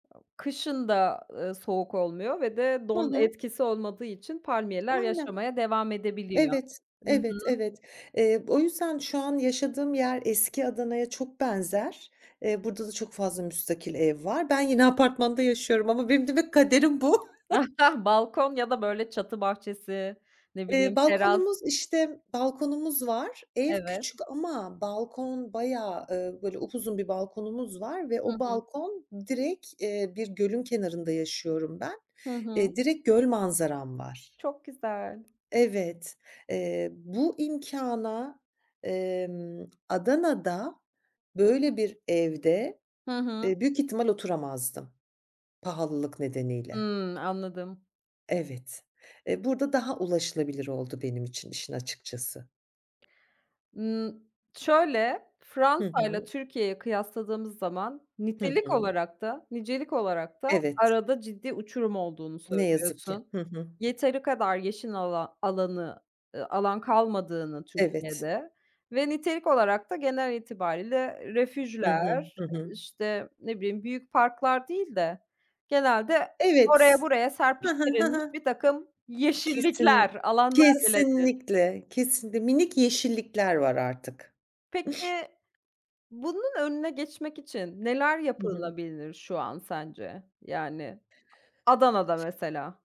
Kışın da, eee, soğuk olmuyor ve de Hı don hı. etkisi olmadığı için palmiyeler Aynen. yaşamaya devam edebiliyor. Evet. Hı Evet, hı. evet. Eee, o yüzden şu an yaşadığım yer, eski Adana'ya çok benzer. Eee, burada da çok fazla müstakil ev var. Ben yine apartmanda yaşıyorum ama benim demek kaderim bu. Balkon ya da böyle çatı bahçesi, ne Eee, bileyim teras balkonumuz, işte, balkonumuz var. Ev Evet. küçük ama balkon bayağı, eee, böyle upuzun bir balkonumuz var ve Hı o hı. balkon direkt Eee, bir gölün kenarında yaşıyorum ben. Hı hı. Eee, direkt göl manzaram var. Çok güzel. Evet, eee, bu imkâna, emm, Adana'da böyle bir evde, Hı hı. eee, büyük ihtimal oturamazdım pahalılık nedeniyle. Hımm, anladım. Evet. Eee, burada daha ulaşılabilir oldu benim için işin açıkçası. Imm, şöyle: Hı Fransa ile hı. Türkiye'yi kıyasladığımız zaman Hı nitelik hı. olarak da nicelik olarak da Evet. arada ciddi uçurum olduğunu Ne yazık ki. söylüyorsun. Hı hı. Yeteri kadar yeşil alan alanı, eee, alan kalmadığını Evet. Türkiye'de ve nitelik olarak da genel itibariyle Hı hı. refüjler, Hı hı. işte, ne bileyim, büyük parklar değil de genelde oraya Evet. buraya Hı hı. Hı serpiştirilmiş, hı. birtakım Kesin yeşillikler, alanlar bile değil. kesinlikle, kesinlikle, minik yeşillikler var artık. Peki bunun önüne geçmek için neler Hı hı. yapılabilir şu an sence? Yani Adana'da mesela.